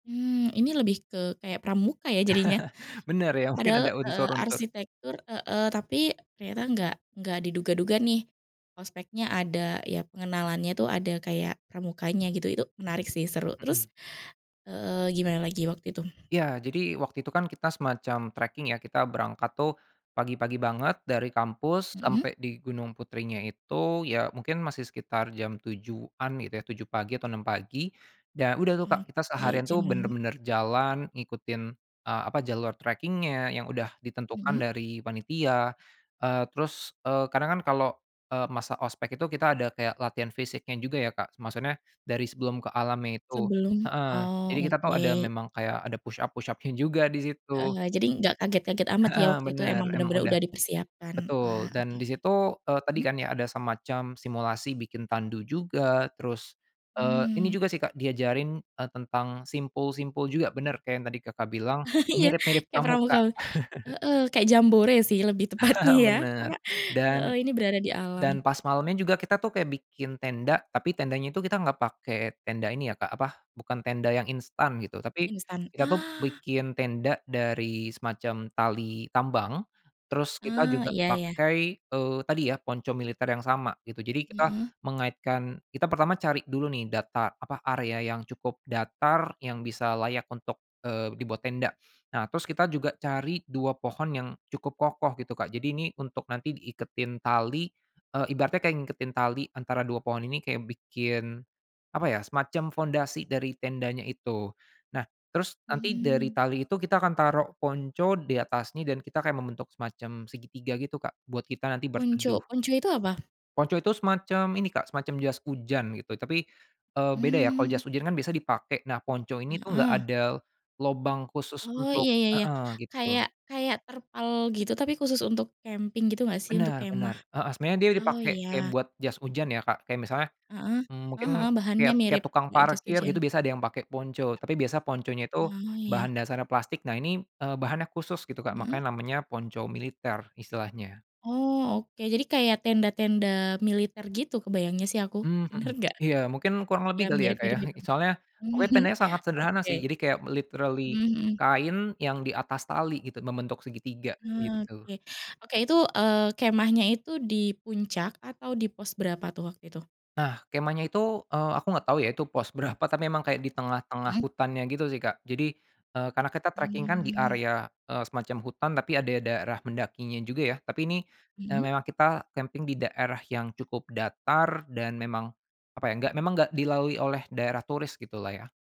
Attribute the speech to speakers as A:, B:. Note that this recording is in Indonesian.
A: Mmm, ini lebih ke kayak pramuka ya jadinya,
B: Benar ya mungkin
A: padahal
B: ada
A: heeh,
B: unsur-unsur
A: arsitektur heeh, tapi ternyata enggak enggak diduga-duga nih, ospeknya ada ya pengenalannya itu ada kayak pramukanya gitu itu menarik sih seru
B: Mhm.
A: terus heeh, gimana lagi waktu itu?
B: Ya jadi waktu itu kan kita semacam tracking ya kita berangkat tuh, pagi-pagi banget dari kampus
A: Mhm.
B: sampai di Gunung Putrinya itu ya mungkin masih sekitar jam 7.00-an gitu ya 7.00 pagi atau 6.00 pagi, dan udah tuh, Kak, kita
A: Oke,
B: seharian
A: jam
B: tuh
A: 6.00.
B: bener-bener jalan ngikutin, eee, apa jalur tracking-nya yang udah ditentukan
A: Mhm.
B: dari panitia, eee, terus, eee, kadang kan kalau, eee, masa ospek itu kita ada kayak latihan fisiknya juga ya, Kak, maksudnya dari sebelum ke alam itu
A: Sebelum
B: heeh,
A: oh
B: jadi kita tahu ada
A: oke.
B: memang kayak ada push-up push-up-nya juga disitu.
A: Heeh, jadi enggak kaget-kaget amat ya
B: Heeh,
A: waktu itu
B: bener
A: emang
B: emang
A: bener-bener
B: udah
A: udah dipersiapkan wah
B: betul
A: oke
B: dan
A: oke,
B: disitu, eee, tadi
A: hmm?
B: kan ya ada semacam simulasi bikin tandu juga terus, eee, ini
A: Mmm.
B: juga sih, Kak, diajarin, eee, tentang simpul-simpul juga bener kayak yang tadi, Kakak, bilang,
A: Iya
B: mirip-mirip
A: kayak pramuka
B: pramuka.
A: heeh, kayak jambore sih lebih tepatnya ya karena
B: Bener
A: heeh,
B: dan
A: ini berada di alam.
B: dan pas malemnya juga kita tuh kayak bikin tenda tapi tendanya itu kita enggak pakai tenda ini ya, Kak, apa bukan tenda yang instan gitu tapi,
A: Instan,
B: kita tuh
A: ah.
B: bikin tenda dari semacam tali tambang, terus kita
A: Ah,
B: juga
A: iya iya.
B: pakai, eee, tadi ya ponco militer yang sama gitu jadi kita
A: Mhm.
B: mengaitkan kita pertama cari dulu nih data apa area yang cukup datar yang bisa layak untuk, eee, dibuat tenda nah terus kita juga cari 2 pohon yang cukup kokoh gitu, Kak, jadi ini untuk nanti diiketin tali, eee, ibaratnya kayak ngingetin tali antara 2 pohon ini kaya bikin apa ya, semacam pondasi dari tendanya itu, nah terus nanti dari
A: Mmm.
B: tali itu kita akan taruh ponco di atasnya dan kita kayak membentuk semacam segitiga gitu, Kak, buat kita nanti berteduh.
A: Ponco ponco itu apa?
B: Ponco itu semacam ini, Kak, semacam jas hujan gitu tapi, eee, beda ya kalau
A: Mmm.
B: jas hujan kan biasa dipakai, nah ponco ini tuh gak
A: Heeh.
B: ada, lobang khusus
A: Oh
B: untuk
A: iya iya iya
B: heeh, gitu.
A: kayak kayak terpal gitu tapi khusus untuk camping gitu gak sih untuk
B: Benar
A: kemah?
B: benar, heeh, sebenarnya dia
A: Oh
B: dipakai
A: iya.
B: kayak buat jas hujan ya, Kak, kayak misalnya,
A: Heeh
B: mmm,
A: heeh
B: mungkin
A: heeh, bahannya
B: kayak kayak
A: mirip
B: tukang
A: kayak jas
B: parkir gitu
A: hujan.
B: biasa ada yang pakai ponco tapi biasa ponconya itu
A: Oh iya.
B: bahan dasarnya plastik nah ini, eee, bahannya khusus gitu, Kak,
A: Mhm.
B: makanya namanya ponco militer istilahnya.
A: Oh oke jadi kayak tenda-tenda militer gitu kebayangnya sih aku,
B: Mmm,
A: bener
B: mhm,
A: gak?
B: iya mungkin kurang
A: Ya
B: lebih kali ya, Kak, ya
A: mirip-mirip gitu,
B: soalnya pokoknya tendanya sangat sederhana
A: oke.
B: sih jadi kayak literally
A: Mhm mhm.
B: kain yang di atas tali gitu membentuk segitiga gitu.
A: Oke oke itu, eee, kemahnya itu di puncak atau di pos berapa tuh waktu itu?
B: Nah kemahnya itu, eee, aku nggak tahu ya itu pos berapa tapi emang kayak di tengah-tengah
A: Mhm.
B: hutannya gitu sih, Kak, jadi, eee, karena kita tracking kan di
A: Mmm.
B: area, eee, semacam hutan tapi ada daerah mendakinya juga ya tapi ini,
A: Mhm.
B: memang kita camping di daerah yang cukup datar dan memang apa ya, enggak memang enggak dilalui oleh daerah turis gitulah ya.